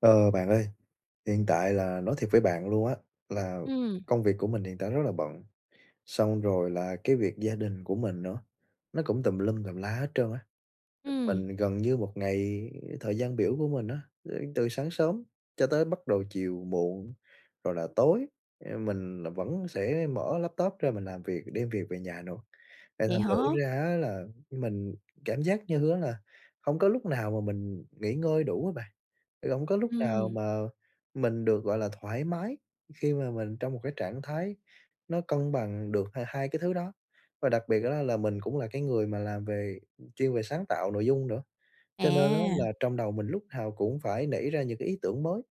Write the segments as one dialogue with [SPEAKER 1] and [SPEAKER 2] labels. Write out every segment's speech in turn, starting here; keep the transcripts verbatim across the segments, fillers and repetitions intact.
[SPEAKER 1] Ờ, bạn ơi, hiện tại là nói thiệt với bạn luôn á, là
[SPEAKER 2] Ừm.
[SPEAKER 1] công việc của mình hiện tại rất là bận, xong rồi là cái việc gia đình của mình nữa, nó cũng tùm lum tùm la hết trơn á.
[SPEAKER 2] Ừm.
[SPEAKER 1] Mình gần như một ngày thời gian biểu của mình á, ơ, từ sáng sớm cho tới bắt đầu chiều muộn rồi là tối, a, mình là vẫn sẽ mở laptop ra mình làm việc, đem việc về nhà nữa. Thì
[SPEAKER 2] Vậy
[SPEAKER 1] thành thử
[SPEAKER 2] hả?
[SPEAKER 1] ra á là mình cảm giác như á là hổng có lúc nào mà mình nghỉ ngơi đủ á bạn, hổng có lúc nào
[SPEAKER 2] Ừm.
[SPEAKER 1] mà mình được, gọi là, thoải mái, khi mà mình trong một cái trạng thái nó cân bằng được h hai cái thứ đó. Và đặc biệt á là mình cũng là cái người mà làm về chuyên về sáng tạo nội dung nữa, cho nên á
[SPEAKER 2] À.
[SPEAKER 1] là trong đầu mình lúc nào cũng phải nảy ra những cái ý tưởng mới,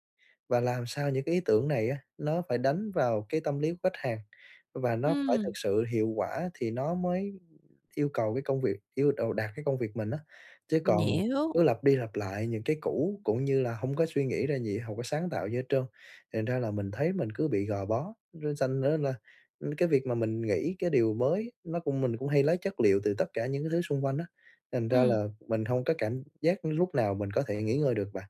[SPEAKER 1] và làm sao những cái ý tưởng này á nó phải đánh vào cái tâm lý của khách hàng, và nó phải thực
[SPEAKER 2] Ừm.
[SPEAKER 1] sự hiệu quả thì nó mới yêu cầu cái công việc yêu đầu đạt cái công việc mình á. Chứ
[SPEAKER 2] Mình
[SPEAKER 1] còn
[SPEAKER 2] hiểu.
[SPEAKER 1] cứ lặp đi lặp lại những cái cũ, cũng như là hông có suy nghĩ ra gì, hông có sáng tạo gì hết trơn, thì thành ra là mình thấy mình cứ bị gò bó. Nó sành ra là, ưm, cái việc mà mình nghĩ cái điều mới nó cũng mình cũng hay lấy chất liệu từ tất cả những cái thứ xung quanh á, thành ra
[SPEAKER 2] Ừm.
[SPEAKER 1] là mình hông có cảm giác lúc nào mình có thể nghỉ ngơi được bạn.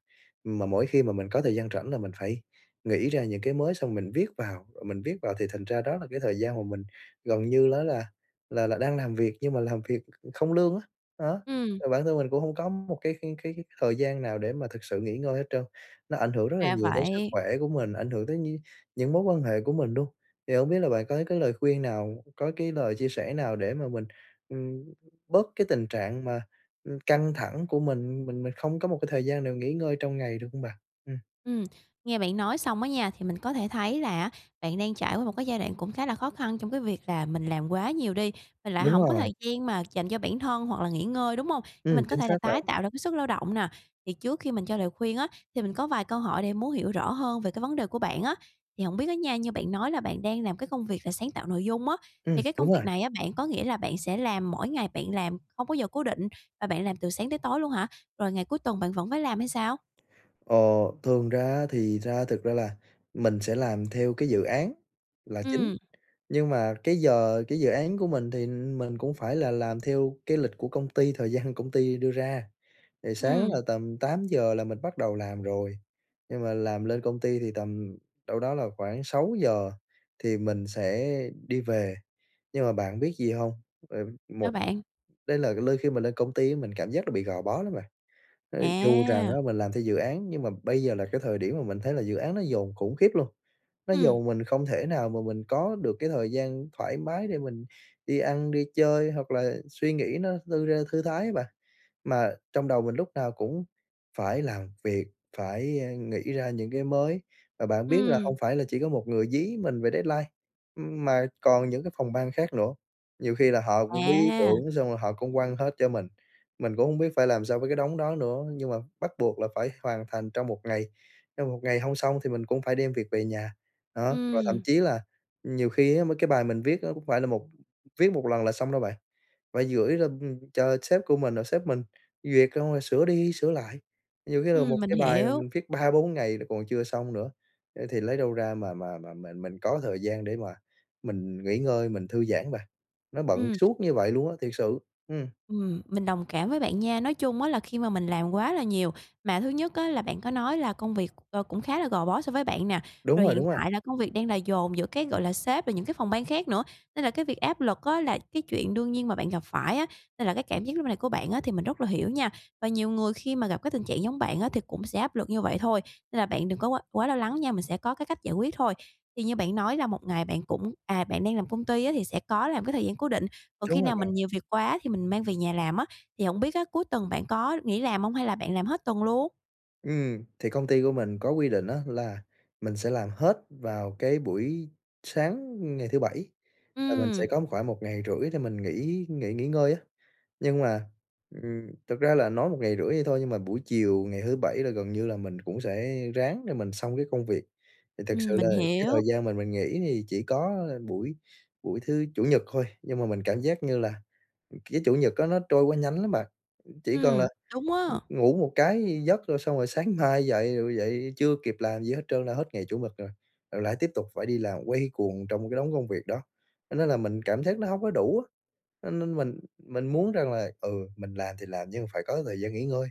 [SPEAKER 1] Mà mỗi khi mà mình có thời gian rảnh là mình phải nghĩ ra những cái mới xong mình viết vào, rồi mình viết vào thì thành ra đó là cái thời gian mà mình gần như nó là là là đang làm việc nhưng mà làm việc không lương á. Đó,
[SPEAKER 2] Ừm.
[SPEAKER 1] mà bản thân mình cũng hông có một cái cái cái cái thời gian nào để mà thực sự nghỉ ngơi hết trơn, nó ảnh hưởng rất là
[SPEAKER 2] Ra
[SPEAKER 1] nhiều tới sức
[SPEAKER 2] vậy.
[SPEAKER 1] khỏe của mình, ảnh hưởng tới nh những mối quan hệ của mình luôn. Thì hông biết là bạn có cái lời khuyên nào, có cái lời chia sẻ nào để mà mình, ừm, bớt cái tình trạng mà, ừm, căng thẳng của mình, mình mình không có một cái thời gian nào nghỉ ngơi trong ngày, được hông bạn? Ừm.
[SPEAKER 2] Ừm, nghe bạn nói xong á nha, thì mình có thể thấy là á bạn đang trải qua một cái giai đoạn cũng khá là khó khăn trong cái việc là mình làm quá nhiều đi, mình lại
[SPEAKER 1] Đúng
[SPEAKER 2] hổng có
[SPEAKER 1] rồi.
[SPEAKER 2] thời gian mà dành cho bản thân hoặc là nghỉ ngơi, đúng hông? Để
[SPEAKER 1] Ừm,
[SPEAKER 2] mình có
[SPEAKER 1] chính
[SPEAKER 2] thể là
[SPEAKER 1] xác là
[SPEAKER 2] tái tạo lại cái sức lao động nà. Thì trước khi mình cho lời khuyên á, thì mình có vài câu hỏi để muốn hiểu rõ hơn về cái vấn đề của bạn á. Thì hổng biết á nha, như bạn nói là bạn đang làm cái công việc là sáng tạo nội dung á,
[SPEAKER 1] Ừm,
[SPEAKER 2] thì cái công
[SPEAKER 1] đúng rồi.
[SPEAKER 2] việc này á bạn có nghĩa là bạn sẽ làm mỗi ngày bạn làm không có giờ cố định, và bạn làm từ sáng tới tối luôn hả? Rồi ngày cuối tuần bạn vẫn phải làm hay sao?
[SPEAKER 1] Ờ, thường ra á thì ra thực ra là mình sẽ làm theo cái dự án là chính,
[SPEAKER 2] Ừm.
[SPEAKER 1] nhưng mà cái giờ cái dự án của mình thì mình cũng phải là làm theo cái lịch của công ty thời gian công ty đưa ra. Thì sáng
[SPEAKER 2] Ừm.
[SPEAKER 1] là tầm tám giờ là mình bắt đầu làm rồi, nhưng mà làm lên công ty thì tầm đâu đó là khoảng sáu giờ thì mình sẽ đi về. Nhưng mà bạn biết gì hông? Ờ,
[SPEAKER 2] Sao
[SPEAKER 1] một
[SPEAKER 2] bạn?
[SPEAKER 1] đây là lơi khi mà lên công ty á mình cảm giác nó bị gò bó lắm bạn. Ờ, dù rằng
[SPEAKER 2] À!
[SPEAKER 1] á mình làm theo dự án, nhưng mà bây giờ là cái thời điểm mà mình thấy là dự án nó dồn khủng khiếp luôn, nó
[SPEAKER 2] Ừm.
[SPEAKER 1] dồn mình không thể nào mà mình có được cái thời gian thoải mái để mình đi ăn, đi chơi, hoặc là suy nghĩ nó thư ra thư thái á bạn. Mà trong đầu mình lúc nào cũng phải làm việc, phải, a, nghĩ ra những cái mới. Mà bạn biết là
[SPEAKER 2] Ừm.
[SPEAKER 1] hông phải là chỉ có một người dí mình về deadline, ưm, mà còn những cái phòng ban khác nữa, nhiều khi là họ cũng bí ý
[SPEAKER 2] À!
[SPEAKER 1] tưởng xong rồi họ cũng quăng hết cho mình. Mình cũng hông biết phải làm sao với cái đống đó nữa, nhưng mà bắt buộc là phải hoàn thành trong một ngày, trong một ngày hông xong thì mình cũng phải đem việc về nhà, đó. Và thậm
[SPEAKER 2] Ừm.
[SPEAKER 1] chí là nhiều khi á mấy cái bài mình viết á cũng không phải là một viết một lần là xong đâu bạn, phải gửi lên, ưm, cho sếp của mình, sếp mình duyệt xong rồi sửa đi sửa lại. Nhiều khi là một
[SPEAKER 2] Ừm, mình
[SPEAKER 1] cái bài mà
[SPEAKER 2] hiểu.
[SPEAKER 1] mình viết ba-bốn ngày nó còn chưa xong nữa, thì lấy đâu ra mà mà mà mà mình có thời gian để mà mình nghỉ ngơi, mình thư giãn bạn, nó bận
[SPEAKER 2] Ừm.
[SPEAKER 1] suốt như vậy luôn á, thiệt sự, ừm.
[SPEAKER 2] Ừm, mình đồng cảm với bạn nha! Nói chung á là khi mà mình làm quá là nhiều, mà thứ nhất á là bạn có nói là công việc, ờ, cũng khá là gò bó so với bạn nà.
[SPEAKER 1] Đúng
[SPEAKER 2] Rồi
[SPEAKER 1] rồi,
[SPEAKER 2] hiện
[SPEAKER 1] đúng rồi.
[SPEAKER 2] tại là công việc đang là dồn giữa, cái gọi là, sếp rồi những cái phòng ban khác nữa, nên là cái việc áp lực á là cái chuyện đương nhiên mà bạn gặp phải á, nên là cái cảm giác lúc này của bạn á thì mình rất là hiểu nha! Và nhiều người khi mà gặp cái tình trạng giống bạn á thì cũng sẽ áp lực như vậy thôi, nên là bạn đừng có quá quá lo lắng nha, mình sẽ có cái cách giải quyết thôi. Thì như bạn nói là một ngày bạn cũng, à, bạn đang làm công ty á thì sẽ có làm cái thời gian cố định, còn khi
[SPEAKER 1] Đúng rồi
[SPEAKER 2] nào
[SPEAKER 1] bạn.
[SPEAKER 2] mình nhiều việc quá thì mình mang về nhà làm á, thì hổng biết á cuối tuần bạn có nghỉ làm hông hay là bạn làm hết tuần luôn?
[SPEAKER 1] Ừm, thì công ty của mình có quy định á là mình sẽ làm hết vào cái buổi sáng ngày thứ Bảy, là mình sẽ
[SPEAKER 2] Ừm.
[SPEAKER 1] có khoảng một ngày rưỡi thì mình nghỉ nghỉ nghỉ ngơi á. Nhưng mà, ừm, thật ra là nói một ngày rưỡi vậy thôi, nhưng mà buổi chiều ngày thứ Bảy là gần như là mình cũng sẽ ráng để mình xong cái công việc. Thì thật sự
[SPEAKER 2] Ừm,
[SPEAKER 1] là
[SPEAKER 2] mình
[SPEAKER 1] cái thời
[SPEAKER 2] hiểu.
[SPEAKER 1] gian mà mình nghỉ thì chỉ có buổi buổi thứ Chủ nhật thôi, nhưng mà mình cảm giác như là, ừm, cái Chủ nhật á nó trôi quá nhanh lắm bạn, ừm, chỉ cần
[SPEAKER 2] Ừm,
[SPEAKER 1] là,
[SPEAKER 2] đúng
[SPEAKER 1] ừm,
[SPEAKER 2] á.
[SPEAKER 1] ngủ một cái giấc rồi xong rồi sáng mai dậy, rồi dậy chưa kịp làm gì hết trơn là hết ngày Chủ nhật rồi, rồi lại tiếp tục phải đi làm quay cuồng trong cái đống công việc đó, cho nên là mình cảm giác nó hông có đủ á. Cho nên mình mình muốn rằng là, ừ, mình làm thì làm nhưng mà phải có thời gian nghỉ ngơi,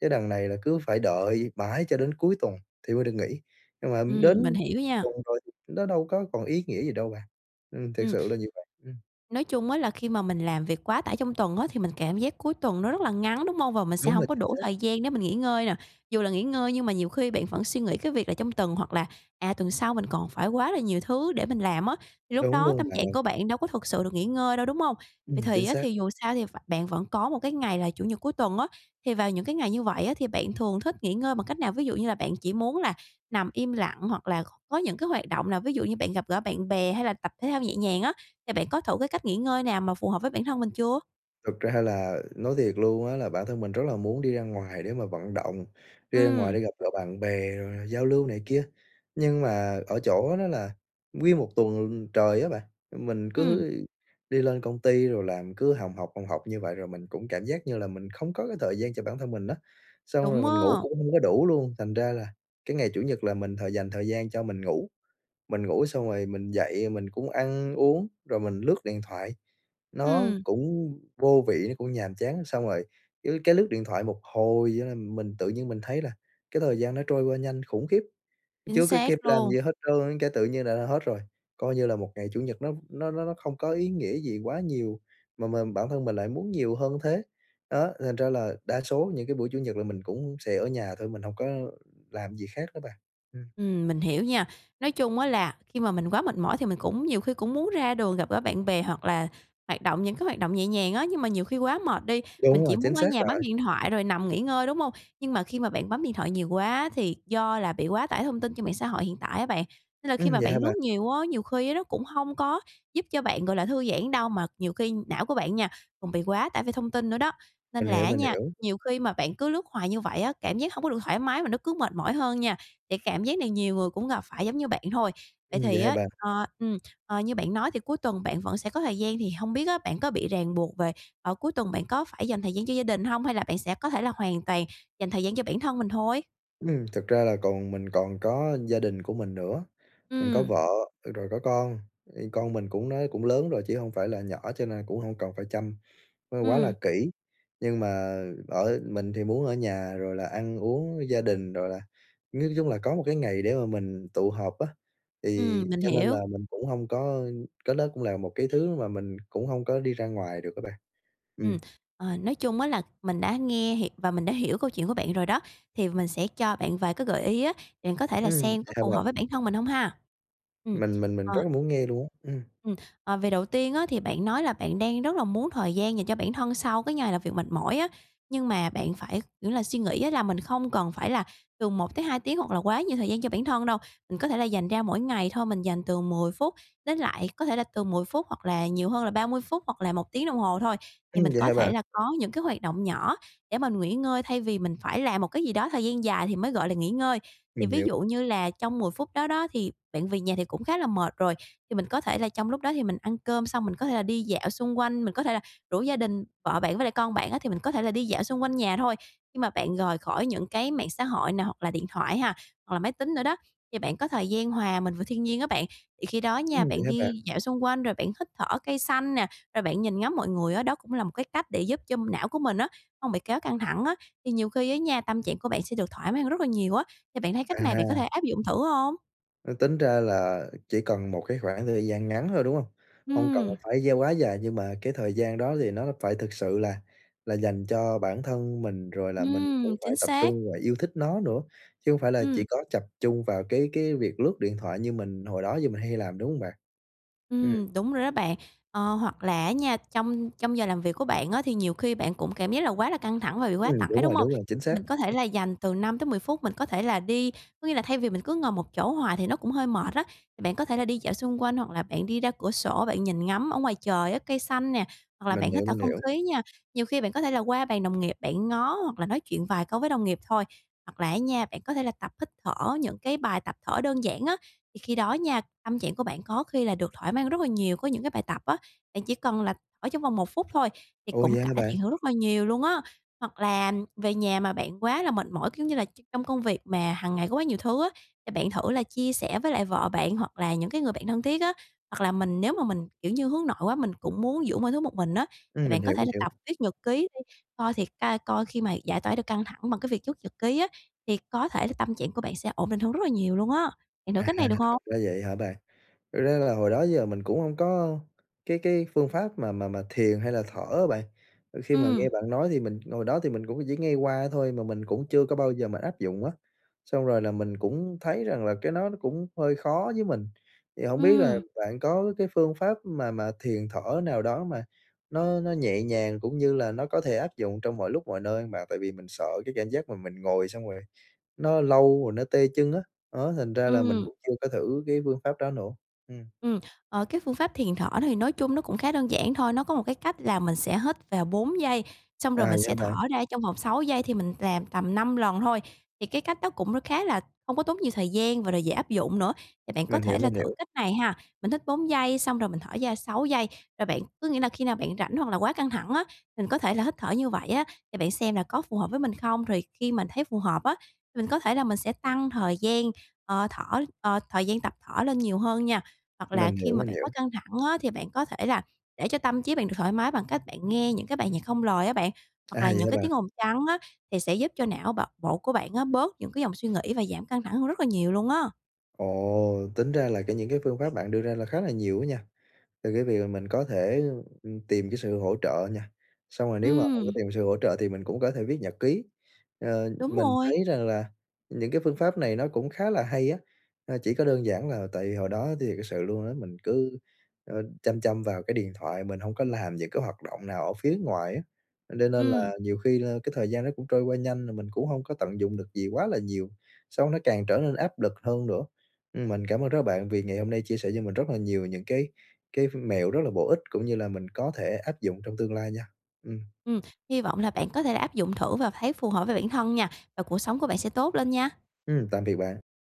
[SPEAKER 1] chứ đằng này là cứ phải đợi mãi cho đến cuối tuần thì mới được nghỉ, nhưng mà
[SPEAKER 2] Ừm, mình
[SPEAKER 1] đến
[SPEAKER 2] hiểu nha.
[SPEAKER 1] tuần rồi nó đâu có còn ý nghĩa gì đâu bạn, ừm, thiệt
[SPEAKER 2] Ừm.
[SPEAKER 1] sự là như vậy. Ừm.
[SPEAKER 2] Nói chung á là khi mà mình làm việc quá tải trong tuần á, thì mình cảm giác cuối tuần nó rất là ngắn, đúng hông? Và mình sẽ
[SPEAKER 1] Đúng rồi,
[SPEAKER 2] hổng có
[SPEAKER 1] chính
[SPEAKER 2] đủ
[SPEAKER 1] xác.
[SPEAKER 2] thời gian để mình nghỉ ngơi nè. Dù là nghỉ ngơi nhưng mà nhiều khi bạn vẫn suy nghĩ cái việc là trong tuần, hoặc là, à, tuần sau mình còn phải quá là nhiều thứ để mình làm á, thì lúc
[SPEAKER 1] Đúng
[SPEAKER 2] đó
[SPEAKER 1] luôn
[SPEAKER 2] tâm
[SPEAKER 1] bạn
[SPEAKER 2] trạng
[SPEAKER 1] ơi.
[SPEAKER 2] của bạn đâu có thực sự được nghỉ ngơi đâu, đúng hông?
[SPEAKER 1] Ừm,
[SPEAKER 2] Vậy
[SPEAKER 1] chính
[SPEAKER 2] thì á
[SPEAKER 1] xác.
[SPEAKER 2] thì dù sao thì v bạn vẫn có một cái ngày là Chủ nhật cuối tuần á, thì vào những cái ngày như vậy á, thì bạn thường thích nghỉ ngơi bằng cách nào? Ví dụ như là bạn chỉ muốn là nằm im lặng, hoặc là c có những cái hoạt động nào? Ví dụ như bạn gặp gỡ bạn bè, hay là tập thể thao nhẹ nhàng á, thì bạn có thử cái cách nghỉ ngơi nào mà phù hợp với bản thân mình chưa?
[SPEAKER 1] Thực ra là nói thiệt luôn á là bản thân mình rất là muốn đi ra ngoài để mà vận động, đi ra ngoài
[SPEAKER 2] Ừm.
[SPEAKER 1] để gặp gỡ bạn bè rồi giao lưu này kia. Nhưng mà ở chỗ đó là nguyên một tuần trời á bạn, mình
[SPEAKER 2] Ừm.
[SPEAKER 1] cứ đi lên công ty rồi làm cứ hồng hộc, hồng hộc như vậy rồi mình cũng cảm giác như là mình không có cái thời gian cho bản thân mình á. Xong rồi
[SPEAKER 2] Đúng
[SPEAKER 1] mình ngủ
[SPEAKER 2] á.
[SPEAKER 1] cũng hông có đủ luôn, thành ra là cái ngày Chủ nhật là mình thời dành thời gian cho mình ngủ, mình ngủ xong rồi mình dậy mình cũng ăn uống rồi mình lướt điện thoại, nó
[SPEAKER 2] Ừm.
[SPEAKER 1] cũng vô vị, nó cũng nhàm chán. Xong rồi cứ cái lướt điện thoại một hồi ấy là mình tự nhiên mình thấy là cái thời gian nó trôi qua nhanh khủng khiếp,
[SPEAKER 2] Chính
[SPEAKER 1] chưa có
[SPEAKER 2] xác
[SPEAKER 1] kịp làm cái
[SPEAKER 2] luôn.
[SPEAKER 1] gì hết trơn cái tự nhiên là đã hết rồi. Coi như là một ngày Chủ nhật nó v nó nó nó không có ý nghĩa gì quá nhiều, mà mình, bản thân mình lại muốn nhiều hơn thế. Đó, thành ra là đa số những cái buổi Chủ nhật là mình cũng sẽ ở nhà thôi, mình hông có làm gì khác nữa bạn, ừm.
[SPEAKER 2] Ừm, mình hiểu nha. Nói chung á là khi mà mình quá mệt mỏi thì mình cũng nhiều khi cũng muốn ra đường gặp gỡ bạn bè hoặc là hoạt động những cái hoạt động nhẹ nhàng á, nhưng mà nhiều khi quá mệt đi, mình
[SPEAKER 1] Đúng rồi,
[SPEAKER 2] chỉ
[SPEAKER 1] chính
[SPEAKER 2] muốn ở
[SPEAKER 1] xác
[SPEAKER 2] nhà
[SPEAKER 1] rồi.
[SPEAKER 2] bấm điện thoại rồi nằm nghỉ ngơi, đúng hông? Nhưng mà khi mà bạn bấm điện thoại nhiều quá thì do là bị quá tải thông tin trên mạng xã hội hiện tại á bạn. Nên là khi
[SPEAKER 1] Ừm,
[SPEAKER 2] mà
[SPEAKER 1] vậy
[SPEAKER 2] bạn
[SPEAKER 1] hả
[SPEAKER 2] lướt
[SPEAKER 1] bạn?
[SPEAKER 2] nhiều á, nhiều khi nó cũng hông có giúp cho bạn, gọi là, thư giãn đâu mà nhiều khi não của bạn nha, còn bị quá tải vì thông tin nữa đó. Nên
[SPEAKER 1] Mình
[SPEAKER 2] là
[SPEAKER 1] hiểu,
[SPEAKER 2] á
[SPEAKER 1] mình
[SPEAKER 2] nha,
[SPEAKER 1] hiểu.
[SPEAKER 2] nhiều khi mà bạn cứ lướt hoài như vậy á, cảm giác hông có được thoải mái mà nó cứ mệt mỏi hơn nha, thì cảm giác này nhiều người cũng gặp phải giống như bạn thôi. Vậy
[SPEAKER 1] Ừm, vậy
[SPEAKER 2] thì
[SPEAKER 1] hả
[SPEAKER 2] á,
[SPEAKER 1] bạn?
[SPEAKER 2] ờ, ừ, ờ, như bạn nói thì cuối tuần bạn vẫn sẽ có thời gian thì hông biết á, bạn có bị ràng buộc về ờ, cuối tuần bạn có phải dành thời gian cho gia đình hông hay là bạn sẽ có thể là hoàn toàn dành thời gian cho bản thân mình thôi?
[SPEAKER 1] Ừm, thực ra là còn mình còn có gia đình của mình nữa, mình có
[SPEAKER 2] Ừm.
[SPEAKER 1] vợ, ờ, rồi có con. Thì con mình cũng nó cũng lớn rồi chứ hông phải là nhỏ, cho nên cũng hông cần phải chăm nó quá là
[SPEAKER 2] Ừm.
[SPEAKER 1] kỹ. Nhưng mà ở mình thì muốn ở nhà rồi là ăn uống với gia đình, rồi là nói chung là có một cái ngày để mà mình tụ họp á, thì
[SPEAKER 2] Ừm, mình
[SPEAKER 1] cho nên là
[SPEAKER 2] hiểu.
[SPEAKER 1] mình cũng hông có cái đó cũng là một cái thứ mà mình cũng hông có đi ra ngoài được á bạn. Ừm.
[SPEAKER 2] Ừm. Ờ, nói chung á là mình đã nghe h và mình đã hiểu câu chuyện của bạn rồi đó, thì mình sẽ cho bạn vài cái gợi ý á, bạn có thể là
[SPEAKER 1] Ừm,
[SPEAKER 2] xem
[SPEAKER 1] vậy
[SPEAKER 2] có
[SPEAKER 1] hả
[SPEAKER 2] phù hợp với
[SPEAKER 1] bạn?
[SPEAKER 2] bản thân mình hông ha? Ừm,
[SPEAKER 1] Mình mình mình rất
[SPEAKER 2] ờ.
[SPEAKER 1] là muốn nghe luôn á. Ừm.
[SPEAKER 2] Ừm, ờ, về đầu tiên á, thì bạn nói là bạn đang rất là muốn thời gian dành cho bản thân sau cái ngày làm việc mệt mỏi á, nhưng mà bạn phải, kiểu là, suy nghĩ á là mình không cần phải là từ một tới hai tiếng hoặc là quá nhiều thời gian cho bản thân đâu. Mình có thể là dành ra mỗi ngày thôi, mình dành từ mười phút đến lại có thể là từ mười phút, hoặc là nhiều hơn là ba mươi phút, hoặc là một tiếng đồng hồ thôi, thì
[SPEAKER 1] Ừm,
[SPEAKER 2] mình
[SPEAKER 1] vậy
[SPEAKER 2] có
[SPEAKER 1] hả
[SPEAKER 2] thể
[SPEAKER 1] bạn?
[SPEAKER 2] là có những cái hoạt động nhỏ để mà nghỉ ngơi thay vì mình phải làm một cái gì đó thời gian dài thì mới gọi là nghỉ ngơi. Thì
[SPEAKER 1] Mình
[SPEAKER 2] ví
[SPEAKER 1] hiểu.
[SPEAKER 2] dụ như là trong mười phút đó đó, thì bạn về nhà thì cũng khá là mệt rồi, thì mình có thể là trong lúc đó thì mình ăn cơm xong mình có thể là đi dạo xung quanh, mình có thể là rủ gia đình, vợ bạn với lại con bạn á, thì mình có thể là đi dạo xung quanh nhà thôi. Nhưng mà bạn rời khỏi những cái mạng xã hội nè, hoặc là điện thoại ha, hoặc là máy tính nữa đó, thì bạn có thời gian hòa mình vào thiên nhiên á bạn. Thì khi đó nha,
[SPEAKER 1] Ừm, vậy
[SPEAKER 2] bạn
[SPEAKER 1] hả bạn?
[SPEAKER 2] đi dạo xung quanh rồi bạn hít thở cây xanh nè, rồi bạn nhìn ngắm mọi người á, đó cũng là một cái cách để giúp cho não của mình á hông bị kéo căng thẳng á, thì nhiều khi á nha, tâm trạng của bạn sẽ được thoải mái hơn rất là nhiều á. Thì bạn thấy cách này bạn có
[SPEAKER 1] À!
[SPEAKER 2] thể áp dụng thử hông?
[SPEAKER 1] Ư, tính ra là chỉ cần một cái khoảng thời gian ngắn thôi, đúng hông? Hông cần là
[SPEAKER 2] Ừm.
[SPEAKER 1] phải gieo quá dài, nhưng mà cái thời gian đó thì nó nó phải thực sự là là dành cho bản thân mình, rồi là mình cũng
[SPEAKER 2] Ừm,
[SPEAKER 1] phải
[SPEAKER 2] chính
[SPEAKER 1] tập
[SPEAKER 2] xác.
[SPEAKER 1] trung và yêu thích nó nữa. Chứ hông phải là chỉ
[SPEAKER 2] Ừm.
[SPEAKER 1] có chập trung vào cái cái việc lướt điện thoại như mình hồi đó giờ mình hay làm, đúng hông bạn? Ừm.
[SPEAKER 2] Ừm, đúng rồi đó bạn. Ờ, hoặc là á nha, trong trong giờ làm việc của bạn á, thì nhiều khi bạn cũng cảm giác là quá là căng thẳng và bị quá
[SPEAKER 1] Ừm,
[SPEAKER 2] tải,
[SPEAKER 1] đúng
[SPEAKER 2] đúng
[SPEAKER 1] rồi,
[SPEAKER 2] hông?
[SPEAKER 1] đúng rồi, chính
[SPEAKER 2] Thì
[SPEAKER 1] xác.
[SPEAKER 2] mình có thể
[SPEAKER 1] [unintelligible]
[SPEAKER 2] là dành từ năm tới mười phút mình có thể là đi có nghĩa là thay vì mình cứ ngồi một chỗ hoài thì nó cũng hơi mệt á, bạn có thể là đi dạo xung quanh, hoặc là bạn đi ra cửa sổ bạn nhìn ngắm ở ngoài trời á, cây xanh nè, hoặc là
[SPEAKER 1] Mình
[SPEAKER 2] bạn hít
[SPEAKER 1] hiểu,
[SPEAKER 2] thở
[SPEAKER 1] mình
[SPEAKER 2] không
[SPEAKER 1] hiểu.
[SPEAKER 2] khí nha. Nhiều khi bạn có thể là qua bàn đồng nghiệp, bạn ngó hoặc là nói chuyện vài câu với đồng nghiệp thôi. Hoặc là á nha, bạn có thể là tập hít thở những cái bài tập thở đơn giản á, thì khi đó nha, tâm trạng của bạn có khi là được thoải mái rất là nhiều. Có những cái bài tập á, bạn chỉ cần là ở trong vòng một phút thôi thì
[SPEAKER 1] Ô, vậy
[SPEAKER 2] cũng
[SPEAKER 1] hả
[SPEAKER 2] cải
[SPEAKER 1] bạn?
[SPEAKER 2] thiện hơn rất là nhiều luôn á. Hoặc là về nhà mà bạn quá là mệt mỏi, kiểu như là, tr trong công việc mà hàng ngày có quá nhiều thứ á, thì bạn thử là chia sẻ với lại vợ bạn hoặc là những cái người bạn thân thiết á. Hoặc là mình nếu mà mình, kiểu như, hướng nội quá mình cũng muốn giữ mọi thứ một mình á, thì
[SPEAKER 1] Ừm, mình
[SPEAKER 2] bạn có
[SPEAKER 1] hiểu,
[SPEAKER 2] thể
[SPEAKER 1] mình
[SPEAKER 2] là
[SPEAKER 1] hiểu.
[SPEAKER 2] tập viết nhật ký đi, coi thiệt ra coi khi mà giải toả được căng thẳng bằng cái việc chất nhật ký á, thì có thể là tâm trạng của bạn sẽ ổn định hơn rất là nhiều luôn á. Bạn thử
[SPEAKER 1] À,
[SPEAKER 2] cách
[SPEAKER 1] à,
[SPEAKER 2] này, được hông?
[SPEAKER 1] ra vậy hả bạn. Thực ra là hồi đó giờ mình cũng hông có cái cái phương pháp mà mà mà thiền hay là thở á bạn. Khi mà
[SPEAKER 2] Ừm.
[SPEAKER 1] nghe bạn nói thì mình hồi đó thì mình cũng có chỉ nghe qua thôi mà mình cũng chưa có bao giờ mà áp dụng á. Xong rồi là mình cũng thấy rằng là cái nó nó cũng hơi khó với mình, thì hổng biết là
[SPEAKER 2] Ừm.
[SPEAKER 1] bạn có cái phương pháp mà mà thiền thở nào đó mà nó nó nhẹ nhàng, cũng như là nó có thể áp dụng trong mọi lúc mọi nơi mà tại vì mình sợ cái cảm giác mà mình ngồi xong rồi nó lâu rồi nó tê chân á, á, đó thành ra là mình
[SPEAKER 2] Ừm.
[SPEAKER 1] cũng chưa có thử cái phương pháp đó nữa, ừm.
[SPEAKER 2] Ừm. Ờ, cái phương pháp thiền thở thì nói chung nó cũng khá đơn giản thôi. Nó có một cái cách là mình sẽ hít vào bốn giây, xong
[SPEAKER 1] À,
[SPEAKER 2] rồi mình
[SPEAKER 1] vậy hả
[SPEAKER 2] sẽ thở
[SPEAKER 1] bạn?
[SPEAKER 2] ra trong vòng sáu giây thì mình làm tầm năm lần thôi. Thì cái cách đó cũng khá là hông có tốn nhiều thời gian và là dễ áp dụng nữa. Thì bạn có
[SPEAKER 1] Mình hiểu,
[SPEAKER 2] thể là
[SPEAKER 1] mình
[SPEAKER 2] thử
[SPEAKER 1] hiểu.
[SPEAKER 2] cách này ha! Mình hít bốn giây xong rồi mình thở da sáu giây, rồi bạn có nghĩa là khi nào bạn rảnh hoặc là quá căng thẳng á, mình có thể là hít thở như vậy á, thì bạn xem là có phù hợp với mình không? Thì khi mà thấy phù hợp á, thì mình có thể là mình sẽ tăng thời gian, ờ, thở ờ, thời gian tập thở lên nhiều hơn nha. Hoặc là
[SPEAKER 1] Mình
[SPEAKER 2] khi
[SPEAKER 1] hiểu.
[SPEAKER 2] mà
[SPEAKER 1] Mình
[SPEAKER 2] bạn quá
[SPEAKER 1] hiểu
[SPEAKER 2] căng thẳng á thì bạn có thể là để cho tâm trí bạn được thoải mái bằng cách bạn nghe những cái bài nhạc không lời á bạn, hoặc
[SPEAKER 1] À,
[SPEAKER 2] là
[SPEAKER 1] vậy
[SPEAKER 2] những
[SPEAKER 1] hả
[SPEAKER 2] cái tiếng
[SPEAKER 1] bạn?
[SPEAKER 2] ồn trắng á thì sẽ giúp cho não bạo bộ của bạn á, bớt những cái dòng suy nghĩ và giảm căng thẳng hơn rất là nhiều luôn á.
[SPEAKER 1] Ồ! Tính ra là kể những cái phương pháp bạn đưa ra là khá là nhiều á nha. Từ cái việc mình có thể, ừm, tìm cái sự hỗ trợ nha, xong rồi nếu mà hông có
[SPEAKER 2] Ừm.
[SPEAKER 1] tìm sự hỗ trợ thì mình cũng có thể viết nhật ký. Ờ,
[SPEAKER 2] Đúng
[SPEAKER 1] mình
[SPEAKER 2] rồi.
[SPEAKER 1] thấy rằng là những cái phương pháp này nó cũng khá là hay á, a, chỉ có đơn giản là tại vì hồi đó thiệt sự luôn á, mình cứ, ơ, chăm chăm vào cái điện thoại mình hông có làm những cái hoạt động nào ở phía ngoài á, do nên
[SPEAKER 2] Ừm.
[SPEAKER 1] là nhiều khi la cái thời gian đó cũng trôi qua nhanh, rồi mình cũng hông có tận dụng được gì quá là nhiều, sau nó tràn trở nên áp lực hơn nữa. Ưm, mình cảm ơn đó bạn vì ngày hôm nay chia sẻ cho mình rất là nhiều những cái cái ph mẹo rất là bổ ích, cũng như là mình có thể áp dụng trong tương lai nha. Ừm.
[SPEAKER 2] Ừm, hy vọng là bạn có thể là áp dụng thử và thấy phù hợp với bản thân nha, và cuộc sống của bạn sẽ tốt lên nha!
[SPEAKER 1] Ừm, tạm biệt bạn.